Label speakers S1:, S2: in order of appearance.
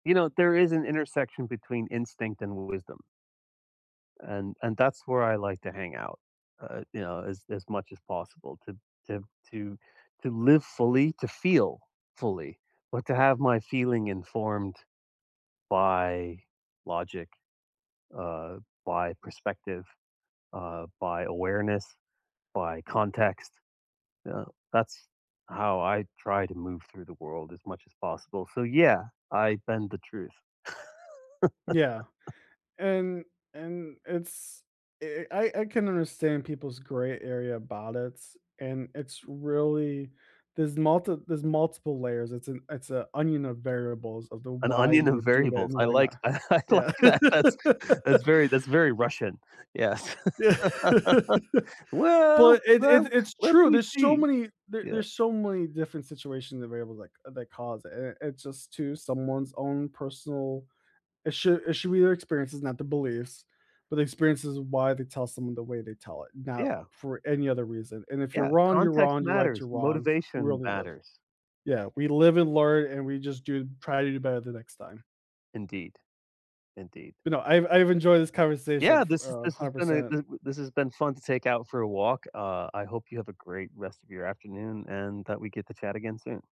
S1: You know, there is an intersection between instinct and w wisdom. And and that's where I like to hang out, uh, you know, as as much as possible to to to to live fully, to feel fully, but to have my feeling informed by logic, uh, by perspective, uh, by awareness, by context, you know, that's how I try to move through the world as much as possible. So yeah, I bend the truth.
S2: Yeah, and and it's I I I can understand people's gray area about it, and it's really there's multi there's multiple layers, it's an it's an onion of variables of the
S1: An
S2: why
S1: onion
S2: you
S1: and
S2: would do that
S1: variables.
S2: and
S1: I
S2: why not
S1: like tha I
S2: yeah.
S1: like that. That's that's very that's very Russian, yes.
S2: Yeah.
S1: Well,
S2: But it
S1: well,
S2: it it's
S1: let
S2: true,
S1: me
S2: there's so
S1: see
S2: many there
S1: yeah.
S2: there's so many different situations and variables, like, that cause it, and it's just to someone's own personal it should it should be their experiences, not the beliefs, but the experiences of why they tell someone the way they tell it, not
S1: Yeah.
S2: for any other reason. And if you're
S1: Yeah,
S2: wrong, you're
S1: context
S2: wrong, you're right, you're
S1: matters,
S2: wrong, we
S1: motivation
S2: only live.
S1: matters.
S2: Yeah, we live and learn and we just do try to do better the next time.
S1: Indeed. Indeed.
S2: You know, I've I've enjoyed this conversation
S1: Yeah, this is
S2: for, uh, a
S1: this has
S2: hundred
S1: been a,
S2: percent.
S1: w this has been fun to take out for a walk. Uh, I hope you have a great rest of your afternoon and that we get to chat again soon.